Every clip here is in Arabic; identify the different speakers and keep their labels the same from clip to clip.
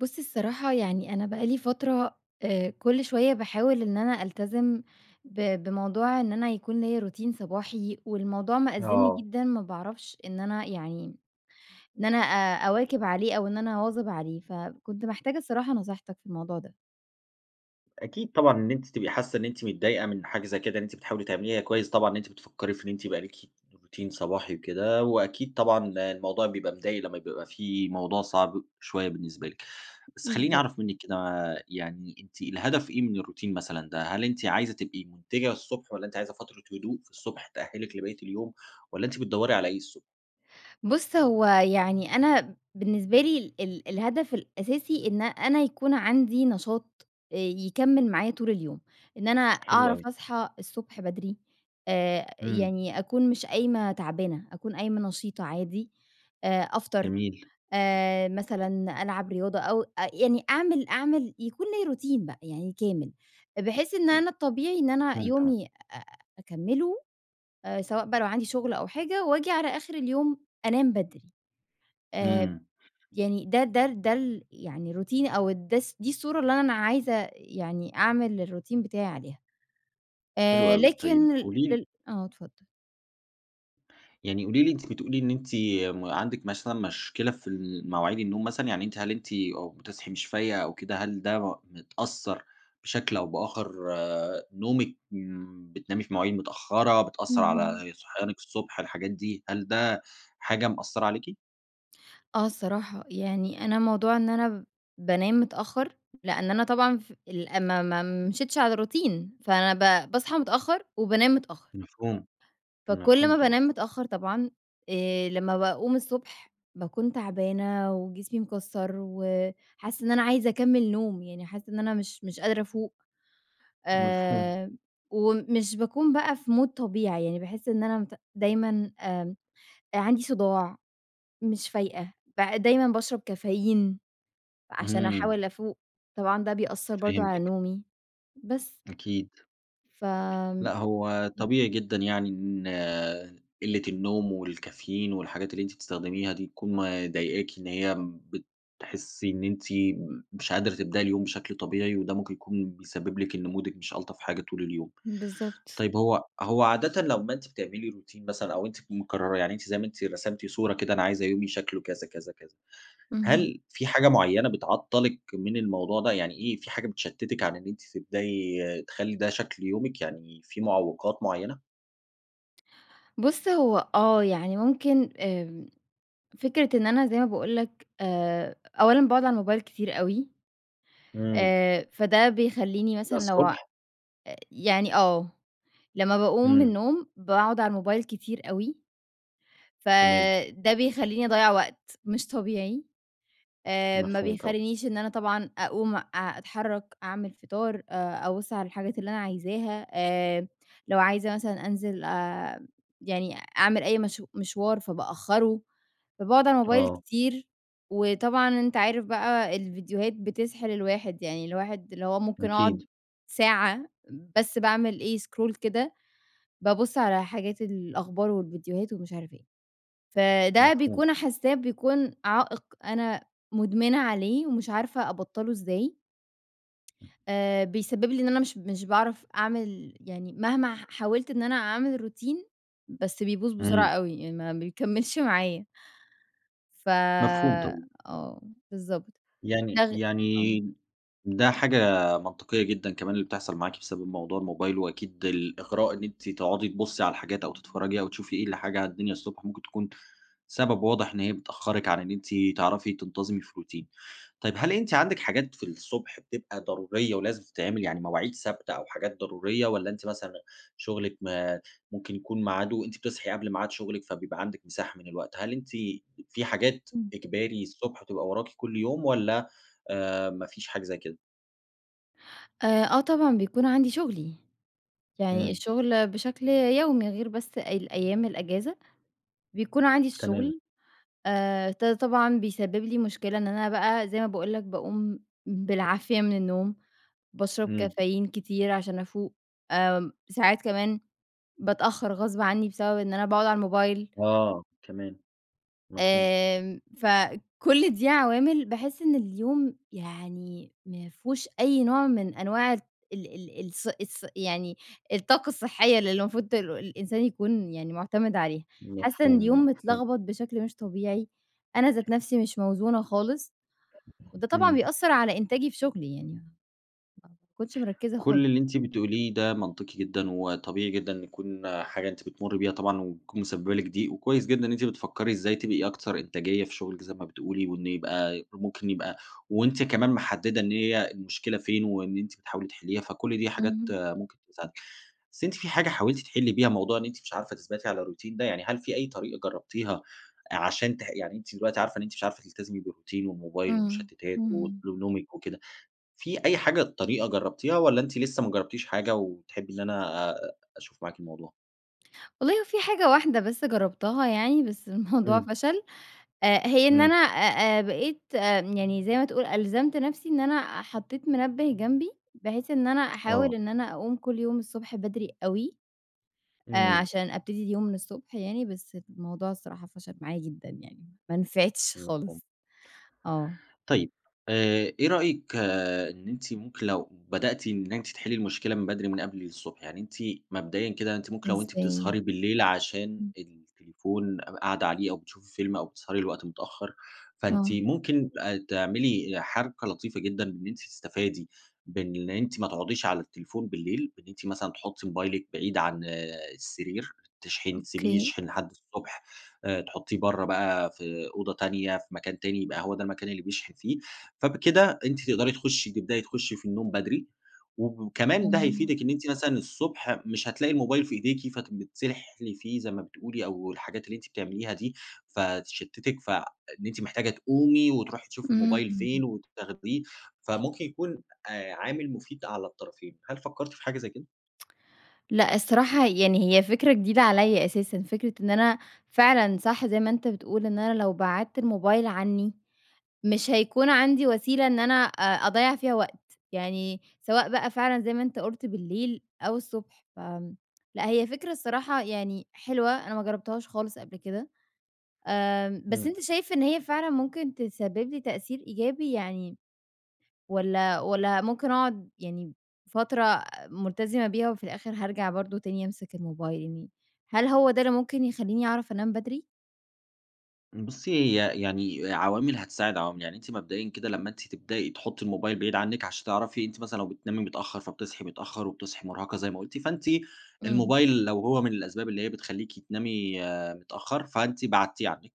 Speaker 1: بُص، الصراحة يعني، أنا بقى لي فترة، آآ كُل شويَّة باحاول إن أنا ألتزم ب بموضوع إن أنا يكون ليّا روتين صباحي، والموضوع مأزِّمني
Speaker 2: آه.
Speaker 1: جدًا، ما باعرفش إن أنا يعني، إن أنا أ أواكِب عليه أو إن أنا أواظِب عليه، فكنت محتاجة الصراحة نصيحتك في الموضوع ده.
Speaker 2: أكيد طبعًا إن أنتِ تبقي حاسَّة إن أنتِ متضايقة من حاجة زي كده، إن أنتِ بتحاولي تعمليها كويِّس طبعًا، إن أنتِ بتفكري في إن أنتِ يبقى ليكِ روتين صباحي وكده، وأكيد طبعًا ال الموضوع بيبقى مضَايق لمّا بيبقى في موضوع صعب شويَّة بالنسبة لِك. بس خلّيني
Speaker 1: بالضبط.
Speaker 2: أعرف منِّك كده، يعني، أنتِ الهدف إيه من الروتين مثلًا ده، هل أنتِ عايزة تبقي منتِجة الصبح، والّا أنتِ عايزة فترة هدوء في الصبح تأهِّلِك لبقيّة اليوم والّا أنتِ بتدوري على إيه الصبح؟
Speaker 1: بُص، هو يعني أنا بالنسبة لي ال الهدف الأساسي إن أنا يكون عندي نشاط، آآ يكمِّل معايا طول اليوم. إن أنا
Speaker 2: حلو أوي.
Speaker 1: أعرف أصحى الصبح بدري، آآ
Speaker 2: إمم.
Speaker 1: يعني أكون مش قايمة تعبانة، أكون قايمة نشيطة عادي، آآ أفطر،
Speaker 2: جميل. [unintelligible]
Speaker 1: آآ مثلًا ألعب رياضة أو أ يعني أعمل أعمل يكون ليّا روتين بقى يعني كامل، بحيث إن
Speaker 2: [unintelligible]
Speaker 1: أنا الطبيعي إن أنا
Speaker 2: مفهوم، تمام.
Speaker 1: يومي أ أكمِّله، سواء بقى لو عندي شُغل أو حاجة وآجي على آخِر اليوم أنام بدري. آآ
Speaker 2: إمم.
Speaker 1: يعني ده ده ال ده ال يعني روتيني أو الدس دي الصورة اللي أنا عايزة يعني أعمل الروتين بتاعي عليها.
Speaker 2: حلو
Speaker 1: آآ
Speaker 2: أوي. طيب،
Speaker 1: لكن ال
Speaker 2: قولي لي
Speaker 1: ال آه، اتفضل.
Speaker 2: يعني قولي لي أنتِ بتقولي إن أنتِ م عندِك مثلًا مشكلة في المواعيد النوم مثلًا، يعني أنتِ هل أنتِ أو بتصحي مش فايقة أو كده، هل ده م متأثر بشكل أو بآخر؟ نومِك امم، بتنامي في مواعيد متأخرة، بتأثر
Speaker 1: اهم.
Speaker 2: على صحيانِك الصُبح، الحاجات دي، هل ده حاجة مأثرة عليكِ؟
Speaker 1: آه، الصراحة. يعني أنا موضوع إن أنا بانام متأخر، لأن أنا طبعًا ف ال ما ما مشيتش على روتين فأنا ب باصحى متأخر، وبانام متأخر.
Speaker 2: مفهوم،
Speaker 1: فكُل
Speaker 2: مفهوم
Speaker 1: ما
Speaker 2: طبعًا.
Speaker 1: بانام متأخر طبعًا، آآ، لمّا باقوم الصبح، باكون تعبانة وجسمي مكسر وحاسة إن أنا عايزة أكمل نوم، يعني حاسة إن أنا مش مش قادرة أفوق،
Speaker 2: مفهوم.
Speaker 1: آآ ومش باكون بقى في مود طبيعي، يعني باحس إن أنا مت دايمًا آمم، آآ، عندي صُداع، مش فايقة، ب دايمًا باشرب كافيين، عشان
Speaker 2: اهم.
Speaker 1: أحاول أفوق. طبعًا ده بيأثر برضه على
Speaker 2: فهمتِك.
Speaker 1: نومي، بس.
Speaker 2: أكيد.
Speaker 1: فآمم،
Speaker 2: لأ، هو
Speaker 1: امم.
Speaker 2: طبيعي جدًا يعني إن قلة النوم والكافيين والحاجات اللي أنتِ بتستخدميها دي تكون مضايقاكِ إن هي م بتحسي إن أنتِ م مش قادرة تبدأي اليوم بشكل طبيعي، وده ممكن يكون بيسبب لِك إن مودِك مش ألطف حاجة طول اليوم.
Speaker 1: بالضبط.
Speaker 2: طيب هو هو عادةً لمّا أنتِ بتعملي روتين مثلًا أو أنتِ تكوني مقررة، يعني أنتِ زي ما أنتِ رسمتي صورة كده، أنا عايزة يومي شكله كذا، كذا، كذا.
Speaker 1: اهم.
Speaker 2: هل في حاجة مُعيّنة بتعطلِك من الموضوع ده؟ يعني إيه، في حاجة بتشتتِك على إن أنتِ تبدأي تخلّي ده شكل يومِك، يعني في معوقات مُعيّنة؟
Speaker 1: بص، هو آه، يعني ممكن آمم، فكرة إن أنا زي ما باقول لك، آآ، أولًا باقعد على الموبايل كتير أوي،
Speaker 2: إمم.
Speaker 1: آآ، فده بيخلّيني
Speaker 2: ده
Speaker 1: مثلًا لو آآ،
Speaker 2: الصبح؟
Speaker 1: يعني آه، لمَّا باقوم من
Speaker 2: إمم.
Speaker 1: النوم باقعد على الموبايل كتير أوي،
Speaker 2: تمام.
Speaker 1: فده بيخلّيني أضيَّع وقت مش طبيعي، آآ، ما
Speaker 2: مفهوم، طبعًا.
Speaker 1: بيخلّينيش إن أنا طبعًا اقوم أ اتحرَّك، اعمل فطار، آآ، أبُصّ على الحاجات اللي أنا عايزاها، آآ، لو عايزة مثلًا أنزل أ يعني أعمل أي مشا مشوار فبأخرُّه، فباقعد على الموبايل
Speaker 2: آه.
Speaker 1: كتير. وطبعًا أنت عارف بقى الفيديوهات بتسحِل الواحد، يعني الواحد اللي هو ممكن اقعد
Speaker 2: أكيد.
Speaker 1: ساعة بس باعمل إيه، سكرول كده، بابصّ على حاجات الأخبار والفيديوهات ومش عارف إيه. فده
Speaker 2: مفهوم.
Speaker 1: بيكون حاسّاه بيكون عائق أنا مدمنة عليه ومش عارفة أبطَّله إزاي.
Speaker 2: امم.
Speaker 1: آآ، بيسبِّب لي إن أنا مش مش باعرف أعمل يعني مهما ح حاولت إن أنا أعمل روتين، بس بيبوظ بسرعة
Speaker 2: إمم.
Speaker 1: أوي، يعني ما بيكمِّلش معايا. ف
Speaker 2: مفهوم، طبعًا.
Speaker 1: آه، بالضبط. ده
Speaker 2: يعني
Speaker 1: غ آه.
Speaker 2: يعني ده حاجة منطقية جدًا كمان اللي بتحصل معاكِ بسبب موضوع الموبايل، وأكيد الإغراء إن أنتِ تقعدي تبصي على الحاجات أو تتفرجي أو تشوفي إيه الحاجة على الدنيا الصبح ممكن تكون سبب واضح إن هي بتأخرِك عن إن أنتِ تعرفي تنتظمي في روتين. طيب هل أنتِ عندك حاجات في الصبح بتبقى ضرورية ولازم تتعمل، يعني مواعيد ثابتة أو حاجات ضرورية، والَّا أنتِ مثلًا شغلك ما ممكن يكون ميعاده أنتِ بتصحي قبل ميعاد شغلِك فبيبقى عندك مساحة من الوقت، هل أنتِ ب في حاجات
Speaker 1: إمم.
Speaker 2: إجباري الصبح تبقى وراكِ كل يوم، والَّا آآ، ما فيش حاجة زي كده؟
Speaker 1: آآ آه طبعًا بيكون عندي شغلي، يعني
Speaker 2: إمم.
Speaker 1: الشغل بشكل يومي غير بس ال أيام الأجازة بيكون عندي
Speaker 2: تمام.
Speaker 1: الشغل، آآ ط طبعًا بيسبب لي مشكلة إن أنا بقى زي ما باقول لك باقوم بالعافية من النوم، باشرب
Speaker 2: إمم.
Speaker 1: كافيين كتير عشان افوق، آمم، ساعات كمان باتأخّر غصب عني بسبب إن أنا باقعد على الموبايل
Speaker 2: آه، كمان، مفهوم.
Speaker 1: آمم فكل دي عوامل باحس إن اليوم يعني ما فيهوش أي نوع من أنواع ال ال ال الص الص يعني الطاقة الصحية اللي المفروض ت الإنسان يكون يعني مُعتمِد عليها. حاسة إن
Speaker 2: مفهوم،
Speaker 1: اليوم
Speaker 2: مفهوم.
Speaker 1: متلغبط بشكل مش طبيعي. أنا ذات نفسي مش موزونة خالص، وده طبعًا
Speaker 2: إمم.
Speaker 1: بيأثّر على إنتاجي في شغلي يعني، ما باكونش مِركّزة
Speaker 2: كل
Speaker 1: خالص.
Speaker 2: اللي أنتِ بتقوليه ده منطقي جدًا، وطبيعي جدًا إن يكون حاجة أنتِ بتمرّي بيها طبعًا، وتكون مسببة لِك ضِيق، وكويس جدًا إن أنتِ بتفكّري إزاي تبقي أكثر إنتاجية في شُغلِك زي ما بتقولي، وإن يبقى ممكن يبقى وأنتِ كمان محددة إن هي المشكلة فين، وإن أنتِ بتحاولي تحليها، فكل دي حاجات
Speaker 1: اهم.
Speaker 2: ممكن تساعدِك. بس أنتِ في حاجة حاولتِ تحلّي بيها موضوع إن أنتِ مش عارفة تثبتي على الروتين ده؟ يعني هل في أي طريقة جرّبتيها عشان تح يعني أنتِ دلوقتي عارفة إن أنتِ مش عارفة تلتزمي بالروتين والموبايل
Speaker 1: إمم،
Speaker 2: والمُشتتات
Speaker 1: إمم.
Speaker 2: وأسلوب نومِك وكده، في أي حاجة طريقة جربتيها والّا أنتِ لسه ما جربتيش حاجة وتحبي إن أنا آآ أشوف معاكِ الموضوع؟
Speaker 1: والله في حاجة واحدة بس جربتها يعني بس الموضوع
Speaker 2: إمم.
Speaker 1: فشل، آآ هي إن أنا
Speaker 2: إمم.
Speaker 1: آآ، آآ، بقيت يعني زي ما تقول ألزمت نفسي إن أنا حطيت منبِه جنبي، بحيث إن أنا أحاول
Speaker 2: آه.
Speaker 1: إن أنا أقوم كل يوم الصبح بدري أوي. آآ
Speaker 2: إمم.
Speaker 1: عشان أبتدي اليوم من الصبح يعني بس الموضوع الصراحة فشل معايا جدًا يعني، ما نفعتش
Speaker 2: مفهوم.
Speaker 1: خالص. آه.
Speaker 2: طيب، آآ إيه رأيِك إن أنتِ ممكن لو بدأتِ إن أنتِ تحلّي المشكلة من بدري من قبل الصبح، يعني أنتِ مبدئيًا كده أنتِ ممكن لو أنتِ
Speaker 1: إزاي؟
Speaker 2: بتسهري بالليل عشان
Speaker 1: امم.
Speaker 2: التليفون ق قاعدة عليه أو بتشوفي فيلم أو بتسهري لوقت متأخر، فأنتِ
Speaker 1: آه.
Speaker 2: ممكن أ تعملي حركة لطيفة جدًا إن أنتِ تستفادي بإن أنتِ ما تقعديش على التليفون بالليل، بإن أنتِ مثلًا تحُطّي موبايلِك بعيد عن السرير، تشحن تسيبيه
Speaker 1: أوكي.
Speaker 2: يشحن لحد الصبح. آآ تحُطّيه برّه بقى في أوضة تانية، في مكان تاني، يبقى هو ده المكان اللي بيشحن فيه. فبكده أنتِ تقدري تخُشي تبدئي تخشي في النوم بدري وكمان ده
Speaker 1: آه.
Speaker 2: هيفيدِك إن أنتِ مثلًا الصبح مش هتلاقي الموبايل في إيديكِ فبتتسحلي فيه زي ما بتقولي أو الحاجات اللي أنتِ بتعمليها دي فتشتتِك ف إن أنتِ محتاجة تقومي وتروحي تشوفي الموبايل
Speaker 1: إمم.
Speaker 2: فين وتاخديه، فممكن يكون آآ عامل مفيد على الطرفين. هل فكرتِ في حاجة زي كده؟
Speaker 1: لأ، الصراحة، يعني هي فكرة جديدة عليّا أساسًا، فكرة إن أنا فعلًا، صح زي ما أنت بتقول، إن أنا لو بِعدت الموبايل عنّي، مش هيكون عندي وسيلة إن أنا أ أضيَّع فيها وقت، يعني سواء بقى فعلًا زي ما أنت قُلت بالليل أو الصبح، ف لأ، هي فكرة الصراحة يعني حلوة، أنا ما جرَّبتهاش خالص قبل كده. آآ بس
Speaker 2: إمم.
Speaker 1: أنت شايف إن هي فعلًا ممكن تسبِّب لي تأثير إيجابي يعني والّا والّا ممكن أقعد يعني فترة ملتزمة بيها وفي الآخر هارجع برضه تاني أمسك الموبايل، يعني هل هو ده اللي ممكن يخلّيني أعرف أنام بدري؟
Speaker 2: بُصي، هي يعني عوامِل هتساعد عوامِل، يعني أنتِ مبدئيًا كده لما أنتِ تبدئي تحطّي الموبايل بعيد عنِّك عشان تعرفي أنتِ مثلًا لو بتنامي متأخَّر فبتصحي متأّخر وبتصحي مُرهَقة زي ما قلتِ، فأنتِ
Speaker 1: امم.
Speaker 2: الموبايل لو هو من الأسباب اللي هي بتخلّيكي تنامي متأخَّر، فأنتِ بعدتيه عنِّك،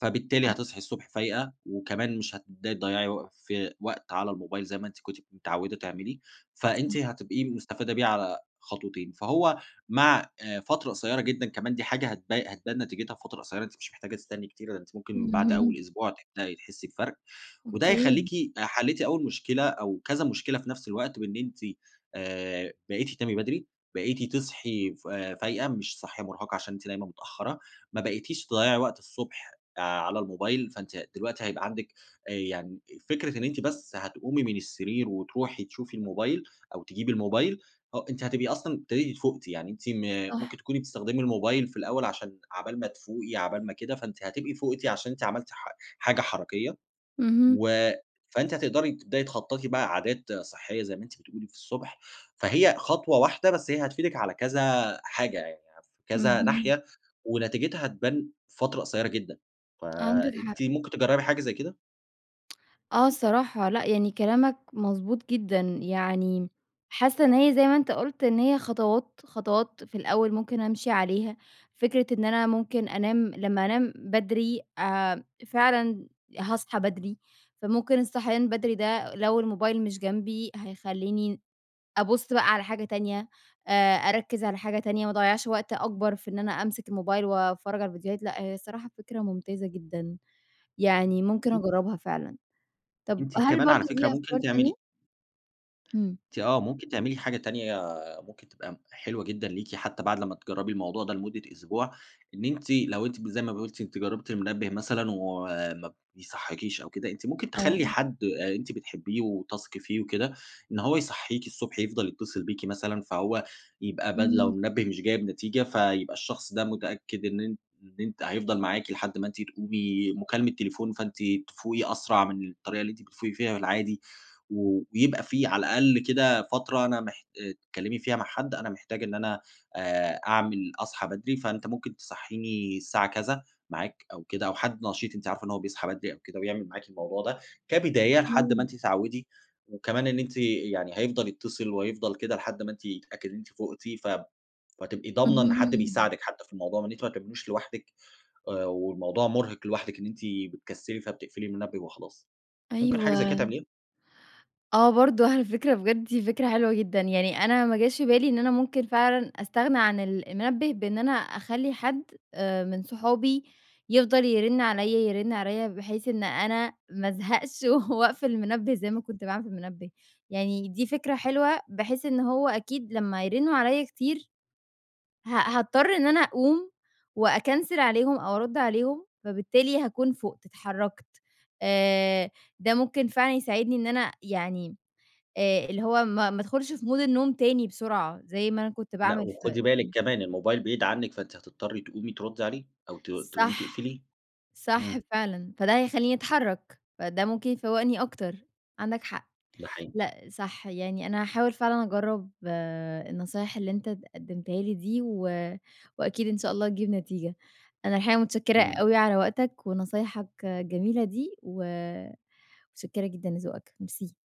Speaker 2: فبالتالي
Speaker 1: صح.
Speaker 2: هتصحي الصبح فايقة وكمان مش هتبدئي تضيعي وق في وقت على الموبايل زي ما أنتِ كنتِ متعوِّدة تعملي، فأنتِ
Speaker 1: [unintelligible]
Speaker 2: هتبقي مُستفادة بيه على خطوتين، فهو مع آآ فترة قصيرة جدًا، كمان دي حاجة هتب هتبان نتيجتها في فترة قصيَّرة، أنتِ مش محتاجة تستني كتير، أنتِ ممكن بعد
Speaker 1: امم.
Speaker 2: أوَّل أسبوع تبدئي تحسّي بفرق، وده
Speaker 1: أوكي.
Speaker 2: هيخلّيكِ حلّيتِ أوَّل مشكلة أو كذا مشكلة في نفس الوقت، بإن أنتِ آآ بقيتِ تنامي بدري، بقيتِ تصحي ف فايقة، مش صاحية مُرهَقه عشان أنتِ دايمًا متأخَّرة، ما بقيتيش تضيَّعي وقت الصبح آآ على الموبايل، فانتِ دلوقتي هيبقى عندِك، آآ يعني فكرة إن أنتِ بس هتقومي من السرير وتروحي تشوفي الموبايل أو تجيبي الموبايل، آه أنتِ هتبقي أصلًا ابتديتِ فوقتِ يعني أنتِ م
Speaker 1: صح.
Speaker 2: ممكن تكوني بتستخدمي الموبايل في الأول عشان عقبال ما تفوقي، عقبال ما كده، فأنتِ هتبقي فوقتِ عشان أنتِ عملتِ حا حاجة حركيَّة
Speaker 1: اهم.
Speaker 2: و فأنتِ هتقدري تبدئي تخطَّطي بقى عادات صحيَّة زي ما أنتِ بتقولي في الصبح، فهي خطوة واحدة، بس هي هتفيدِك على كذا حاجة يعني، في كذا
Speaker 1: اهم.
Speaker 2: ناحية ونتيجتها هتبان في فترة قصيَّرة جدًا،
Speaker 1: عندك حق.
Speaker 2: فأنتِ ممكن تجرَّبي حاجة زي كده؟
Speaker 1: آه، الصراحة لأ، يعني كلامك مضبوط جدًا يعني حاسَّة إن هي زي ما أنت قلت إن هي خطوات خطوات في الأوّل ممكن أمشي عليها. فكرة إن أنا ممكن أنام لمَّا أنام بدري آآ، فعلًا هاصحى بدري، فممكن الصحيان بدري ده لو الموبايل مش جنبي، هيخليني أبُصّ بقى على حاجة تانية، آآ، أركِّز على حاجة تانية، ما أضيّعش وقت أكبر في إن أنا أمسك الموبايل واتفرَّج على الفيديوهات، لأ هي الصراحة فكرة ممتازة جدًا، يعني ممكن
Speaker 2: [unintelligible]
Speaker 1: اجربها فعلًا، طب
Speaker 2: أنتِ
Speaker 1: هل
Speaker 2: كمان
Speaker 1: برضه
Speaker 2: على
Speaker 1: في
Speaker 2: فكرة
Speaker 1: أفكار
Speaker 2: ممكن تعملي
Speaker 1: تانية؟ إمم.
Speaker 2: أنتِ آه، ممكن تعملي حاجة تانية ممكن تبقى حلوة جدًا ليكِ حتى بعد لما تجربي الموضوع ده لمدة أسبوع، إن أنتِ لو أنتِ ب زي ما ب قلتِ أنتِ جربتِ المنبِّه مثلًا وما بيصحيكيش أو كده، أنتِ ممكن تخلّي
Speaker 1: آه.
Speaker 2: حد آآ، أنتِ بتحبيه وتثقي فيه وكده، إن هو يصحيكي الصبح، يفضل يتصل بيكِ مثلًا، فهو يبقى بدل لو
Speaker 1: إمم.
Speaker 2: المنبِّه مش جايب نتيجة فيبقى الشخص ده متأكد إن أن إن أنتِ حيفضل معاكِ لحد ما أنتِ تقومي، مكالمة تليفون فأنتِ تفوقي أسرع من الطريقة اللي أنتِ بتفوقي فيها في العادي. ويبقى في على الأقل كده فترة أنا محت آآ، تتكلمي فيها مع حد أنا محتاجة إن أنا آآ، أعمل اصحى بدري فأنت ممكن تصحيني الساعة كذا معاك أو كده، أو حد نشيط أنتِ عارفة إن هو بيصحى بدري أو كده ويعمل معاكِ الموضوع ده كبداية لحد ما
Speaker 1: إمم.
Speaker 2: أنتِ تتعودي، وكمان إن أنتِ يعني هيفضل يتصِّل وهيفضل كده لحد ما أنتِ يتأكد إن أنتِ فقتِ ف فهتبقي ضامنة إن حد
Speaker 1: اهم.
Speaker 2: بيساعدك حتى في الموضوع وإن أنتِ ما تعميلهوش لوحدِك آآ، والموضوع مرهق لوحدِك إن أنتِ بتكسّلي، فبتقفلي المنبِّه وخلاص، ممكن حاجة زي كده
Speaker 1: أيوه.
Speaker 2: تعمليها؟
Speaker 1: آه، برضه على فكرة بجد دي فكرة حلوة جدًا، يعني أنا ما جاش بالي إن أنا ممكن فعلًا استغنى عن ال المنبِّه بأن أنا اخلي حد آآ، من صحابي يفضل يرنّ عليَّا، يرنّ عليَّا بحيث إن أنا ما أزهقش وأقفل المنبِّه زي ما كنت باعمل في المنبِّه، يعني دي فكرة حلوة بحيث إن هو أكيد لما يرنّوا عليَّا كتير ه هاضطر إن أنا اقوم وأكنسل عليهم أو ارد عليهم، فبالتالي هاكون فُقت، اتحركت آآ، ده ممكن فعلًا يساعدني إن أنا يعني، آآ، اللي هو ما ما ادخلش في مود النوم تاني بسرعة زي ما أنا كنت
Speaker 2: لأ،
Speaker 1: باعمل ف إمم،
Speaker 2: وخدي بالِك كمان،
Speaker 1: إمم.
Speaker 2: الموبايل بعيد عنك فأنتِ هتضطري تقومي تردي عليه، أو ت تقومي
Speaker 1: صح،
Speaker 2: تقفليه،
Speaker 1: صح
Speaker 2: إمم.
Speaker 1: فعلًا، فده هيخليني اتحرك، فده ممكن يفوَّقني أكتر، عندك حق،
Speaker 2: ده حقيقي.
Speaker 1: لأ، صح. يعني أنا هاحاول فعلًا أجرَّب النصايح اللي أنت اد قدّمتها لي دي، و وأكيد إن شاء الله تجيب نتيجة. أنا الحقيقة متشكِّرة
Speaker 2: تمام.
Speaker 1: أوي على وقتك ونصايحك الجميلة دي، و متشكِّرة جدًا لذوقك، ميرسي.